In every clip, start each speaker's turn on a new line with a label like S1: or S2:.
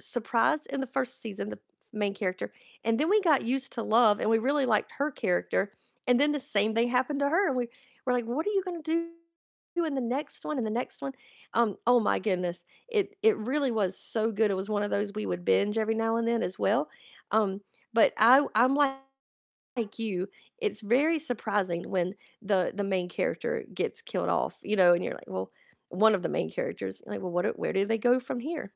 S1: surprised in the 1st season, the f main character and then we got used to Love, and we really liked her character, and then the same thing happened to her, and we were like, "What are you gonna do in the next one and the next one?" Um, oh my goodness, it it really was so good. It was one of those we would binge every now and then as well. Um, but I I'm like you, it's very surprising when the the main character gets killed off, you know? And you're like well, one of the main characters. And you're like, "Well, what do Where do they go from here?"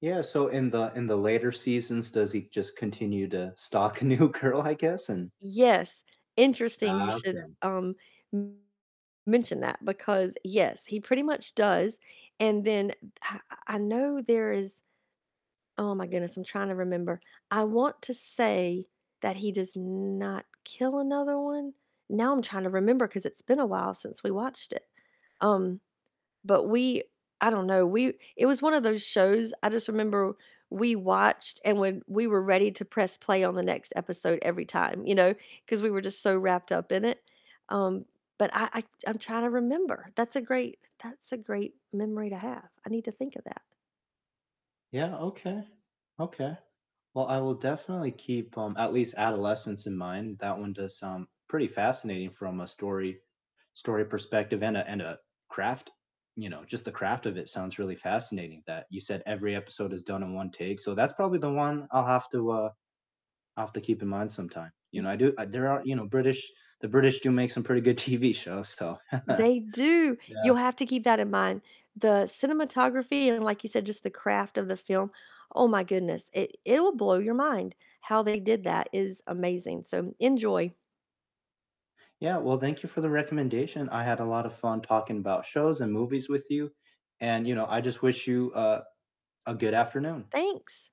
S2: Yeah. So in the in the later seasons, does he just continue to stalk a new girl, I guess? And
S1: Yes, interesting you should,
S2: Okay.
S1: um, mention that, because yes, he pretty much does. And then h I I know there is Oh my goodness, I'm trying to remember. I want to say that he does not kill another one. Now I'm trying to remember, 'cause it's been a while since we watched it. Um, but we I don't know, we It was one of those shows, I just remember we watched, and when we were ready to press play on the next episode every time, you know? 'Cause we were just so wrapped up in it. Um, but I I I'm trying to remember. That's a great, that's a great memory to have, I need to think of that.
S2: Yeah, okay, okay. Well, I will definitely keep, um, at least Adolescence in mind, that one does sound pretty fascinating from a story story perspective and a and a craft. You know, just the craft of it sounds really fascinating, that you said every episode is done in 1 take. So that's probably the one I'll have to, uh, I'll have to keep in mind sometime. You
S1: M
S2: know, I do I there are, you know, British The British do make some pretty good TV shows, so
S1: They do,
S2: yeah.
S1: you'll have to keep that in mind, the cinematography and, like you said, just the craft of the film, oh my goodness, it it'll blow your mind. How they did that is amazing, so enjoy.
S2: Yeah, well, thank you for the recommendation. I had a lot of fun talking about shows and movies with you, and, you know, I just wish you, uh, a good afternoon.
S1: Thanks.